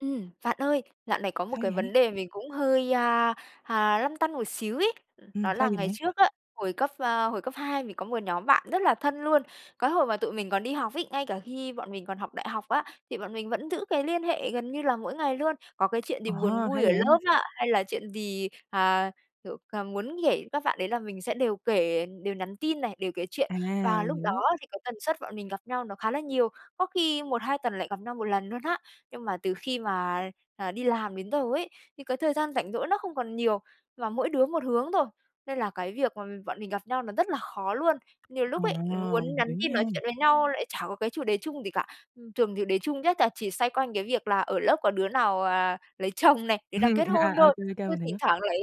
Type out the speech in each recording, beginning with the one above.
Ừm, bạn ơi, dạo này có một Sao cái vậy? vấn đề mình cũng hơi, a, à, lăn tăn một xíu ấy Ừm, đó sao là vậy ngày bạn? trước á, hồi cấp ờ, hồi cấp 2 mình có một nhóm bạn rất là thân luôn. Cái hồi mà tụi mình còn đi học ấy, ngay cả khi bọn mình còn học đại học á, thì bọn mình vẫn giữ cái liên hệ gần như là mỗi ngày luôn, có cái chuyện gì Ờ, buồn vui hay ở lớp vậy! á, hay là chuyện gì, à, kiểu, cà muốn kể các bạn đấy là mình sẽ đều kể đều nhắn tin này, đều kể chuyện À, và mình lúc đó hiểu. thì cái tần suất bọn mình gặp nhau nó khá là nhiều, có khi 1-2 tuần lại gặp nhau 1 lần luôn á. Nhưng mà từ khi mà, à, đi làm đến giờ ấy, thì cái thời gian rảnh rỗi nó không còn nhiều, mà mỗi đứa một hướng thôi, nên là cái việc mà bọn mình gặp nhau nó rất là khó luôn. Nhiều À, lúc ấy, muốn nhắn hiểu tin nha. nói chuyện với nhau lại chả có cái chủ đề chung gì cả, thường chủ đề chung nhất là chỉ xoay quanh cái việc là ở lớp có đứa nào, à, lấy chồng này, đứa nào kết hôn À, thôi. OK, OK, Ừ, mình thỉnh hiểu. thoảng lại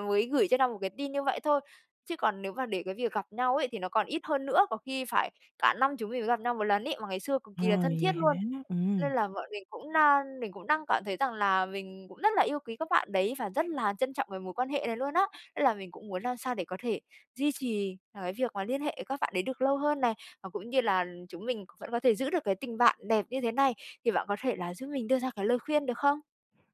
mới gửi cho nhau một cái tin như vậy thôi, chứ còn nếu mà để cái việc gặp nhau ấy thì nó còn ít hơn nữa, có khi phải cả năm chúng mình mới gặp nhau 1 lần ấy, mà ngày xưa cực Ờ, kỳ là thân vậy thiết luôn. hả? Ừm. Nên là bọn mình cũng đang mình cũng đang cảm thấy rằng là mình cũng rất là yêu quý các bạn đấy, và rất là trân trọng cái mối quan hệ này luôn á. Nên là mình cũng muốn làm sao để có thể duy trì là cái việc mà liên hệ với các bạn đấy được lâu hơn này, và cũng như là chúng mình vẫn có thể giữ được cái tình bạn đẹp như thế này, thì bạn có thể là giúp mình đưa ra cái lời khuyên được không?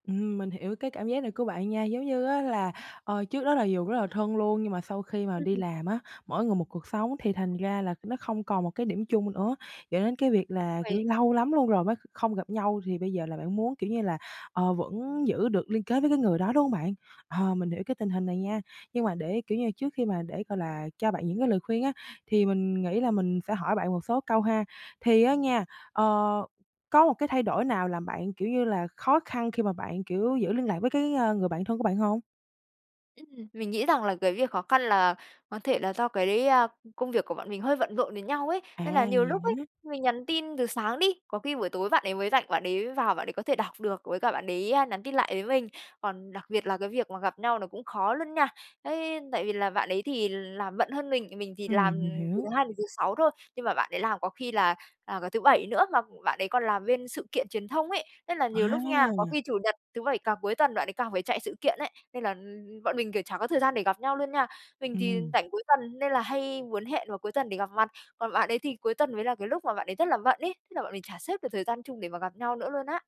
Ừm mình hiểu cái cảm giác này của bạn nha. Giống như á là, ờ, trước đó là dù rất là thân luôn nhưng mà sau khi mà Ừm, đi ừm. làm á, mỗi người một cuộc sống thì thành ra là nó không còn một cái điểm chung nữa, dẫn đến cái việc là, kiểu như, Vì lâu lắm luôn rồi mới không gặp nhau thì bây giờ là bạn muốn, kiểu như là, ờ, vẫn giữ được liên kết với cái người đó, đúng hông bạn? Ờ, mình hiểu cái tình hình này nha, nhưng mà để, kiểu như là, trước khi mà để, gọi là, cho bạn những cái lời khuyên á thì mình nghĩ là mình sẽ hỏi bạn một số câu ha. Thì á nha, ờ, có một cái thay đổi nào làm bạn, kiểu như là, khó khăn khi mà bạn, kiểu, giữ liên lạc với cái, ơ, người bản thân của bạn hông? Ừm. Mình nghĩ rằng là cái việc khó khăn là có thể là do cái, à, công việc của bọn mình hơi bận rộn với nhau ấy. À, Nên là nhiều lúc vậy ấy, hả? mình nhắn tin từ sáng đi, có khi buổi tối bạn ấy mới rảnh, bạn ấy vào bạn ấy có thể đọc được, với cả bạn đấy, ơ, nhắn tin lại với mình. Còn đặc biệt là cái việc mà gặp nhau nó cũng khó luôn nha, ấy tại vì là bạn ấy thì làm bận hơn mình, mình thì làm Ừm, mình từ thứ hiểu. Hai đến thứ Sáu thôi, nhưng mà bạn đấy làm có khi là, à, cả thứ Bảy nữa. Mà bạn ấy còn làm bên sự kiện truyền thông ấy, nên là nhiều lúc nha, có À! khi Chủ nhật, thứ Bảy, càng cuối tuần bạn ấy càng phải chạy sự kiện ấy. Nên là, ưm, ưm bọn mình, kiểu, chả có thời gian để gặp nhau luôn nha. Mình thì Ừm. rảnh cuối tuần nên là hay muốn hẹn vào cuối tuần để gặp mặt, còn bạn ấy thì cuối tuần mới là cái lúc mà bạn đấy rất là bận ấy, thế là bọn mình chả xếp được thời gian chung để mà gặp nhau nữa luôn á.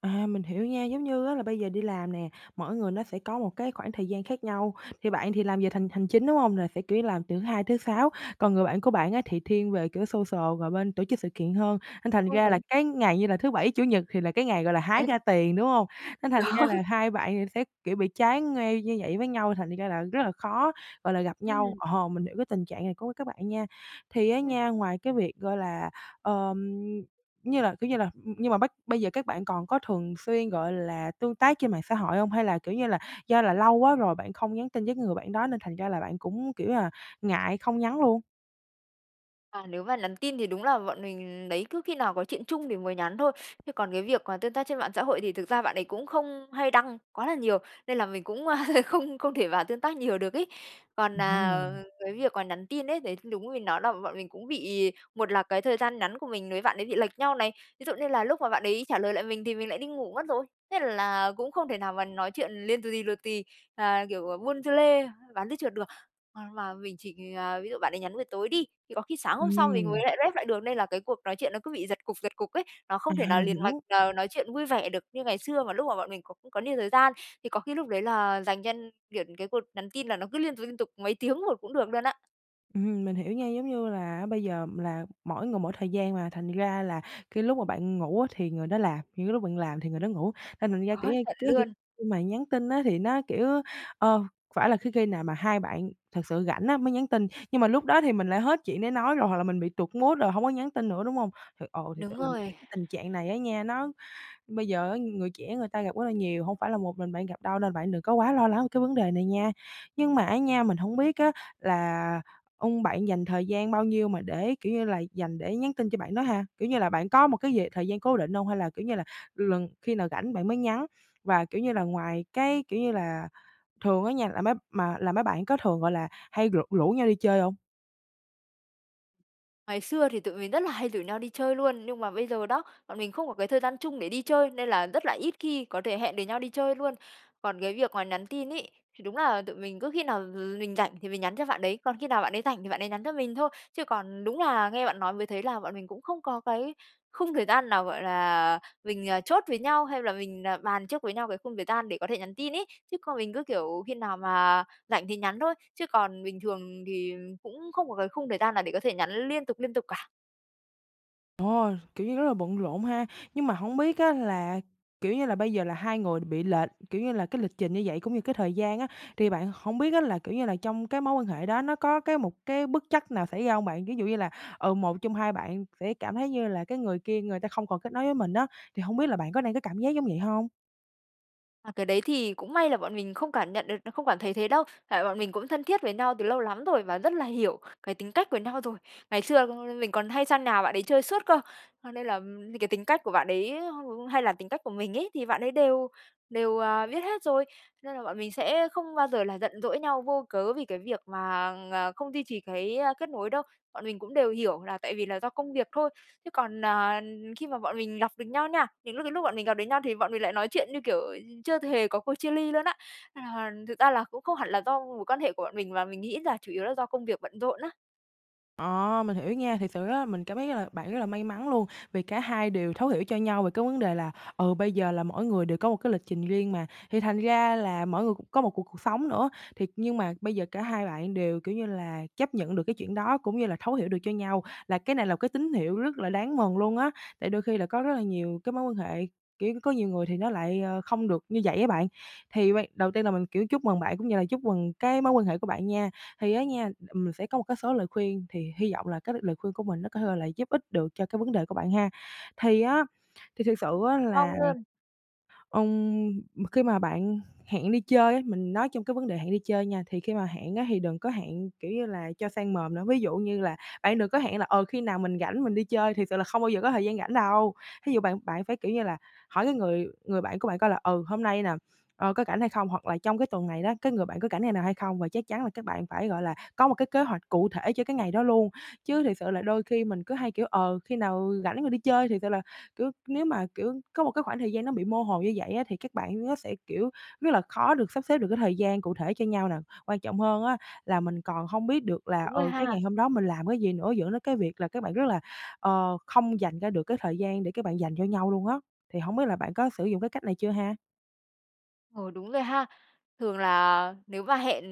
À, mình hiểu nha, giống như á, là bây giờ đi làm nè, mỗi người nó sẽ có một cái khoảng thời gian khác nhau, thì bạn thì làm về thành hành chính, đúng hông? Là sẽ, kiểu như, làm từ thứ Hai tới thứ Sáu, còn người bạn của bạn á, thì thiên về, kiểu, social và bên tổ chức sự kiện hơn nên thành Đúng ra là rồi. cái ngày như là thứ Bảy, Chủ nhật thì là cái ngày, gọi là, hái Đấy. ra tiền, đúng hông? Nên thành ra Đó. là hai bạn thì sẽ, kiểu, bị trái ngay như vậy với nhau thành ra là rất là khó, gọi là, gặp nhau, Ừm. ờ, mình hiểu cái tình trạng này của các bạn nha. Thì á Ừm. nha, ngoài cái việc, gọi là, ờm, như là, kiểu, như là ừm, nhưng mà bắc bây giờ các bạn còn có thường xuyên, gọi là, tương tác trên mạng xã hội hông? Hay là, kiểu như là, do là lâu quá rồi bạn không nhắn tin với người bạn đó nên thành ra là bạn cũng, kiểu như là, ngại không nhắn luôn? À, nếu mà nhắn tin thì đúng là bọn mình, đấy, cứ khi nào có chuyện chung thì mới nhắn thôi, chứ còn cái việc mà tương tác trên mạng xã hội thì thực ra bạn đấy cũng không hay đăng quá là nhiều, nên là mình cũng, ơ, không không thể vào tương tác nhiều được ấy. Còn, Ừm à, ờ, ha. cái việc mà nhắn tin ấy, đấy, đúng mình nói là bọn mình cũng bị một là cái thời gian nhắn của mình với bạn ấy bị lệch nhau này, ví dụ như là lúc mà bạn đấy trả lời lại mình thì mình lại đi ngủ mất rồi, thế là cũng không thể nào mà nói chuyện liên tù tì, tù tì, à, kiểu, buôn dưa lê, bán dưa chuột được. À, mà mình chỉ, à, ví dụ bạn đấy nhắn buổi tối đi, thì có khi sáng hôm sau mình mới Ừm. lại rep lại được nên là cái cuộc nói chuyện nó cứ bị giật cục, giật cục ấy, nó không thể À, nào mình liền mạch, hiểu. ờ, nói chuyện vui vẻ được như ngày xưa mà lúc mà bọn mình còn cũng có nhiều thời gian, thì có khi lúc đấy là dành cho kiểu, cái cuộc nhắn tin là nó cứ liên tục, liên tục mấy tiếng một cũng được luôn á. Ừm, mình hiểu nha. Giống như là bây giờ là mỗi người mỗi thời gian mà, thành ra là cái lúc mà bạn ngủ á thì người đó làm, những cái lúc bạn làm thì người đó ngủ. Thành thành ra, Đó, kiểu như, chuẩn cái kỉ luôn. khi mà nhắn tin á, thì nó, kiểu, ơ, phải là khí khi nào mà hai bạn thật sự rảnh á mới nhắn tin, nhưng mà lúc đó thì mình lại hết chuyện để nói rồi, hoặc là mình bị tụt mood rồi, hông có nhắn tin nữa, đúng hông? Thì, ờ, thiệt sự Đúng là mình thấy rồi. cái tình trạng này á nha, nó bây giờ á, người trẻ người ta gặp rất là nhiều, hông phải là một mình bạn gặp đâu, nên bạn đừng có quá lo lắng về cái vấn đề này nha. Nhưng mà á nha, mình hổng biết á là, ưm, bạn dành thời gian bao nhiêu mà để kiểu như là, dành để nhắn tin cho bạn đó ha? Kiểu như là, bạn có một cái gì thời gian cố định hông, hay là, kiểu như là, lần khi nào rảnh bạn mới nhắn? Và, kiểu như là, ngoài cái kiểu như là, thường á nha, là mấy mà là mấy bạn có thường, gọi là, hay rủ rủ nhau đi chơi hông? Ngày xưa thì tụi mình rất là hay rủ nhau đi chơi luôn, nhưng mà bây giờ đó, bọn mình không có cái thời gian chung để đi chơi, nên là rất là ít khi có thể hẹn được nhau đi chơi luôn. Còn cái việc mà nhắn tin ấy, thì đúng là tụi mình cứ khi nào, ừ, mình rảnh thì mình nhắn cho bạn đấy, còn khi nào bạn ấy rảnh thì bạn ấy nhắn cho mình thôi. Chứ còn đúng là nghe bạn nói mới thấy là bọn mình cũng không có cái khung thời gian nào, gọi là, mình, à, chốt với nhau, hay là mình, à, bàn trước với nhau cái khung thời gian để có thể nhắn tin ấy. Chứ còn mình cứ, kiểu, khi nào mà rảnh thì nhắn thôi, chứ còn bình thường thì cũng không có cái khung thời gian nào để có thể nhắn liên tục, liên tục cả. Ồ, kiểu như, rất là bận rộn ha. Nhưng mà hổng biết á, là, kiểu như, là bây giờ là, hai người bị lệch, kiểu như là, cái lịch trình như vậy, cũng như cái thời gian á, thì bạn hổng biết á, là kiểu như là, trong cái mối quan hệ đó, nó có cái một cái bất trắc nào xảy ra hông bạn? Ví dụ như là, ừ, một trong hai bạn sẽ cảm thấy như là cái người kia người ta không còn kết nối với mình á, thì hông biết là bạn có đang có cảm giác giống vậy hông? À, cái đấy thì, cũng may là bọn mình không cảm nhận được, nó không cảm thấy thế đâu, tại bọn mình cũng thân thiết với nhau từ lâu lắm rồi, và rất là hiểu cái tính cách của nhau rồi. Ngày xưa [unintelligible] mình còn hay sang nhà bạn ấy chơi suốt cơ, cho nên là, ừm, những cái tính cách của bạn đấy, [unintelligible] hay là tính cách của mình ấy, thì bạn ấy đều đều, à, biết hết rồi, nên là bọn mình sẽ không bao giờ là giận dỗi nhau vô cớ vì cái việc mà, ờ, không duy trì cái, a, kết nối đâu, bọn mình cũng đều hiểu là tại vì là do công việc thôi. Chứ còn, à, khi mà bọn mình gặp được nhau nha, những lúc cái lúc bọn mình gặp được nhau thì bọn mình lại nói chuyện như, kiểu, ừ, chưa hề có cuộc chia ly luôn á. À, thực ra là, cũng không hẳn là do mối quan hệ của bọn mình, mà mình nghĩ là chủ yếu là do công việc bận rộn á. Ờ, mình hiểu nha. Thiệt sự rất là mình cảm thấy rất là bạn rất là may mắn luôn, vì cả hai đều thấu hiểu cho nhau về cái vấn đề là, ừ, bây giờ là mỗi người đều có một cái lịch trình riêng mà. Thì thành ra là mỗi người cũng có một cuộc cuộc sống nữa, thiệt, nhưng mà bây giờ, cả hai bạn đều, kiểu như là, chấp nhận được cái chuyện đó, cũng như là thấu hiểu được cho nhau, là cái này là cái tín hiệu rất là đáng mừng luôn á. Tại đôi khi là có rất là nhiều cái mối quan hệ, kiểu, có nhiều người thì nó lại, ờ, không được như vậy á bạn. Thì ban đầu tiên là mình, kiểu, chúc mừng bạn, cũng như là chúc mừng cái mối quan hệ của bạn nha. Thì á nha, là, ừm, mình sẽ có một cái số lời khuyên, thì hy vọng là cái lời khuyên của mình á có thể là giúp ích được cho cái vấn đề của bạn ha. Thì á, thì thiệt sự á, Hoan là, nghênh. ừm, khi mà bạn hẹn đi chơi á, mình nói trong cái vấn đề hẹn đi chơi nha, thì khi mà hẹn á, thì đừng có hẹn, kiểu như là, cho sang mồm nữa, ví dụ như là, bạn đừng có hẹn là, ờ, khi nào mình rảnh, mình đi chơi, thiệt sự là không bao giờ có thời gian rảnh đâu. Thí dụ bạn bạn phải, kiểu như là, hỏi cái người người bạn của bạn coi là, ừ, hôm nay nè, ờ, có rảnh hay không? Hoặc là trong cái tuần này đó, cái người bạn có rảnh ngày nào hay không? Và chắc chắn là các bạn phải, gọi là, có một cái kế hoạch cụ thể cho cái ngày đó luôn. Chứ thiệt sự là [unintelligible] đôi khi mình cứ hay, kiểu, ờ, khi nào rảnh rồi đi chơi, thiệt sự là, kiểu, nếu mà, kiểu, có một cái khoảng thời gian nó bị mơ hồ như vậy á, thì các bạn á sẽ, kiểu, rất là khó được sắp xếp được cái thời gian cụ thể cho nhau nè. Quan trọng hơn á, là mình còn hông biết được là, Đúng rồi ừ, cái ha. ngày hôm đó mình làm cái gì nữa, dẫn đến cái việc là các bạn rất là, ờ, không dành ra được cái thời gian để các bạn dành cho nhau luôn á. Thì hổng biết là bạn có sử dụng cái cách này chưa ha? Ừ, đúng rồi ha. Thường là nếu mà hẹn,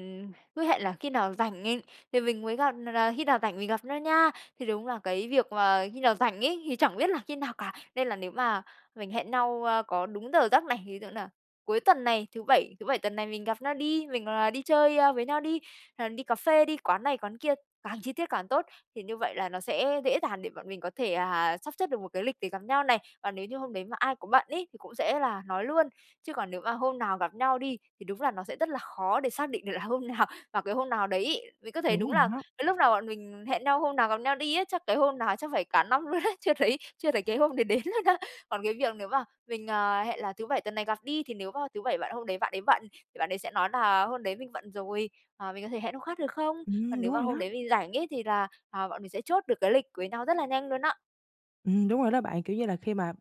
cứ hẹn là khi nào rảnh, thì mình mới gặp nà nà khi nào rảnh mình gặp nhau nha, thì đúng là cái việc mà khi nào rảnh ấy, thì chẳng biết là khi nào cả. Nên là nếu mà mình hẹn nhau, ờ, có đúng giờ giấc này, ví dụ nà cuối tuần này thứ Bảy thứ Bảy tuần này mình gặp nhau đi, mình, à, đi chơi với nhau đi, hay là đi cà phê, đi quán này quán kia, càng chi tiết càng tốt, thì như vậy là nó sẽ dễ dàng để bọn mình có thể, à, sắp xếp được một cái lịch để gặp nhau này. Còn nếu như hôm đấy mà ai có bận ấy, thì cũng sẽ là nói luôn, chứ còn nếu mà hôm nào gặp nhau đi, thì đúng là nó sẽ rất là khó để xác định được là hôm nào, vào cái hôm nào đấy ấy. Mình có thấy Đúng, đúng mình là đó. cái lúc nào bọn mình hẹn nhau hôm nào gặp nhau đi á, chắc cái hôm nào chắc phải cả năm luôn đấy, chưa thấy chưa thấy cái hôm đấy đến luôn á. Còn cái việc nếu mà mình, ờ, hẹn là thứ Bảy tuần này gặp đi, thì nếu mà thứ Bảy bạn hôm đấy bạn ấy bận, thì bạn ấy sẽ nói nà: "Hôm đấy mình bận rồi, ờ, mình có thể hẹn hôm khác được không?" Còn Ừm, nếu đúng mà rồi hôm đó. đấy mình rảnh ấy, thì là, à, bọn mình sẽ chốt được cái lịch với nhau rất là nhanh luôn á. Ừm, đúng rồi đó bạn. Kiểu như là khi mà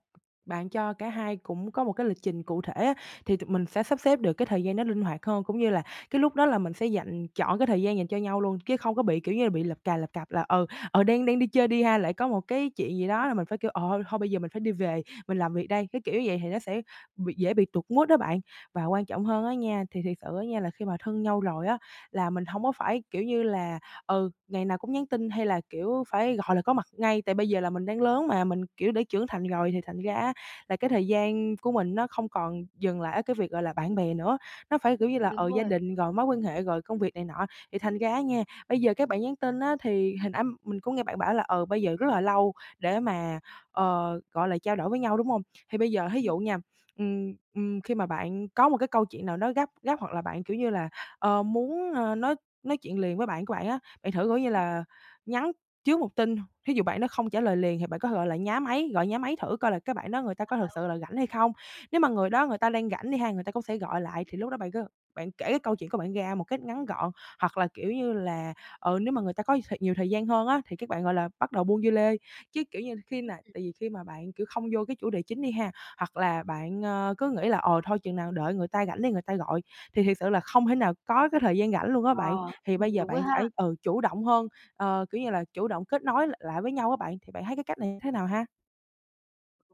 bạn cho cả hai cũng có một cái lịch trình cụ thể á, thì tụi mình sẽ sắp xếp được cái thời gian đó linh hoạt hơn cũng như là cái lúc đó là mình sẽ dành trọn cái thời gian dành cho nhau luôn, chứ không có bị, kiểu như, bị lập cà lập cập là, ừ, ừ, đang đang đi chơi đi ha, lại có một cái chuyện gì đó Ừm. là mình phải kiểu: "Ờ, thôi bây giờ mình phải đi về, mình làm việc đây." Cái kiểu như vậy thì nó sẽ bị dễ bị tụt mood á, bạn. Và quan trọng hơn á nha, thì thiệt sự á nha, là khi mà thân nhau rồi á, là mình hông có phải, kiểu như là, ừ, ngày nào cũng nhắn tin hay là, kiểu, phải gọi là có mặt ngay. Tại bây giờ là mình đang lớn mà, mình, kiểu, đã trưởng thành rồi, thì thành ra á, là cái thời gian của mình nó không còn dừng lại ở cái việc gọi là bạn bè nữa. Nó phải kiểu như Ừm, là, đúng ờ, gia rồi. đình rồi mối quan hệ, rồi công việc này nọ. Thì thành ra á nha, bây giờ các bạn nhắn tin á, thì hồi nãy mình có nghe bạn bảo là, ờ, bây giờ rất là lâu để mà, ờ, gọi là, trao đổi với nhau, đúng hông? Thì bây giờ thí Ừm. dụ nha, ừm, ừm, khi mà bạn có một cái câu chuyện nào đó gấp gấp, hoặc là bạn kiểu như là, ờ, muốn, ờ, nói nói chuyện liền với bạn của bạn á, bạn thử, kiểu như Ừm. là, nhắn trước 1 tin. Thí dụ bạn đó không trả lời liền thì bạn có thể, gọi là, nhá máy, gọi nhá máy thử coi là cái bạn đó người ta có thực [unintelligible] sự là rảnh hay không. Nếu mà người đó người ta đang rảnh đi ha, người ta cũng sẽ gọi lại, thì lúc đó bạn cứ bạn kể cái câu chuyện của bạn ra một cách ngắn gọn. Hoặc là kiểu như là, ừ, nếu mà người ta có nhiều thời nhiều thời gian hơn á, thì các bạn gọi là, bắt đầu buôn dưa lê. Chứ, kiểu như, khi Ừm, nà ừm. tại vì khi mà bạn, kiểu, không vô cái chủ đề chính đi ha, hoặc là bạn, ờ, cứ nghĩ là "Ờ, thôi chừng nào đợi người ta rảnh đi người ta gọi." Thì thiệt sự là không thể nào có cái thời gian rảnh luôn á bạn. Ờ, Thì ừm, bây giờ đúng rồi bạn ha! phải, ừ, chủ động hơn, ờ, kiểu như là, chủ động kết nối l lại với nhau á bạn. Thì bạn thấy cái cách này thế nào ha?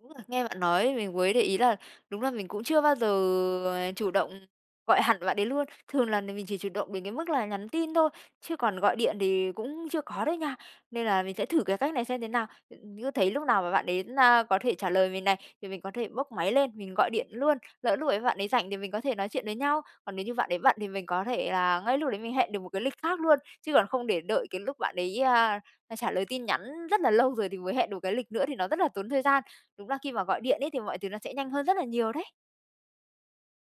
Đúng là nghe bạn nói mình mới để ý là đúng là mình cũng chưa bao giờ, à, chủ động gọi hẳn bạn đấy luôn, thường là mình chỉ chủ động đến cái mức là nhắn tin thôi, chứ còn gọi điện thì cũng chưa có đấy nha. Nên là mình sẽ thử cái cách này xem thế nào. Cứ thấy lúc nào mà bạn đến, a có thể trả lời mình này, thì mình có thể bốc máy lên mình gọi điện luôn. Lỡ lúc ấy bạn ấy rảnh thì mình có thể nói chuyện với nhau, còn nếu như bạn ấy bận thì mình có thể là ngay lúc đấy mình hẹn được một cái lịch khác luôn. Chứ còn không để đợi cái lúc bạn ấy, a, trả lời tin nhắn rất là lâu rồi, thì mới hẹn được cái lịch nữa thì nó rất là tốn thời gian. Đúng là khi mà gọi điện ấy thì mọi thứ nó sẽ nhanh hơn rất là nhiều đấy.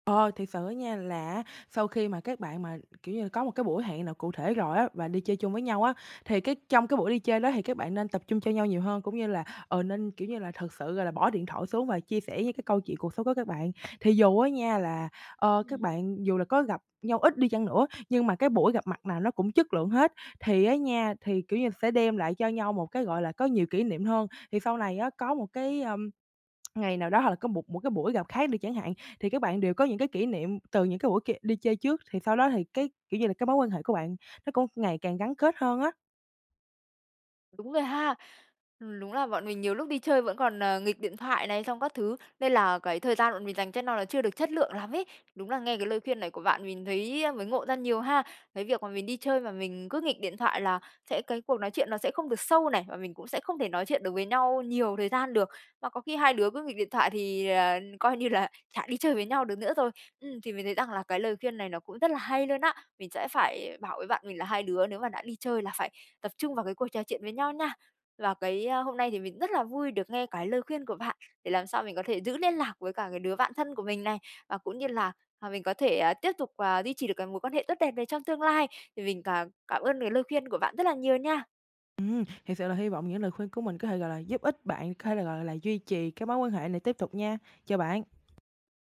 Ờ, thiệt sự á nha là á, sau khi mà các bạn mà, kiểu như là, có một cái buổi hẹn nào cụ thể rồi á, và đi chơi chung với nhau á, thì cái trong cái buổi đi chơi đó thì các bạn nên tập trung cho nhau nhiều hơn. Cũng như là, ờ, nên, kiểu như là, thực sự, gọi là, bỏ điện thoại xuống và chia sẻ những cái câu chuyện cuộc sống của các bạn. Thì dù á nha là, ơ, các Ừm. bạn dù là có gặp nhau ít đi chăng nữa nhưng mà cái buổi gặp mặt nào nó cũng chất lượng hết, thì á nha thì, kiểu như, sẽ đem lại cho nhau một cái, gọi là có nhiều kỷ niệm hơn. Thì sau này á, có một cái, ưm, ngày nào đó hoặc là có một một cái buổi gặp khác đi chẳng hạn, thì các bạn đều có những cái kỷ niệm từ những cái buổi kia đi chơi trước. Thì sau đó thì cái, kiểu như là, cái mối quan hệ của bạn nó cũng ngày càng gắn kết hơn á. Đúng rồi ha. Ừm, đúng là bọn mình nhiều lúc đi chơi vẫn còn, à, nghịch điện thoại này xong các thứ, nên là cái thời gian bọn mình dành cho no là chưa được chất lượng lắm ấy, đúng là nghe cái lời khuyên này của bạn mình thấy mới ngộ ra nhiều ha. Cái việc mà mình đi chơi mà mình cứ nghịch điện thoại là sẽ cái cuộc nói chuyện nó sẽ không được sâu này, và mình cũng sẽ không thể nói chuyện được với nhau nhiều thời gian được. Mà có khi hai đứa cứ nghịch điện thoại thì, ờ, coi như là chả đi chơi với nhau được nữa rồi. Ừm, thì mình thấy rằng là cái lời khuyên này nó cũng rất là hay luôn á, mình sẽ phải bảo với bạn mình là hai đứa nếu mà đã đi chơi là phải tập trung vào cái cuộc trò chuyện với nhau nha. Và cái, a, hôm nay thì mình rất là vui được nghe cái lời khuyên của bạn, để làm sao mình có thể giữ liên lạc với cả cái đứa bạn thân của mình này, và cũng như là, à, mình có thể, à, tiếp tục, à, duy trì được cái mối quan hệ tốt đẹp này trong tương lai, thì mình càng cảm ơn cái lời khuyên của bạn rất là nhiều nha. Ừm, thiệt sự là hy vọng những lời khuyên của mình có thể, gọi là, giúp ích bạn, có thể là, gọi là, duy trì cái mối quan hệ này tiếp tục nha, chào bạn.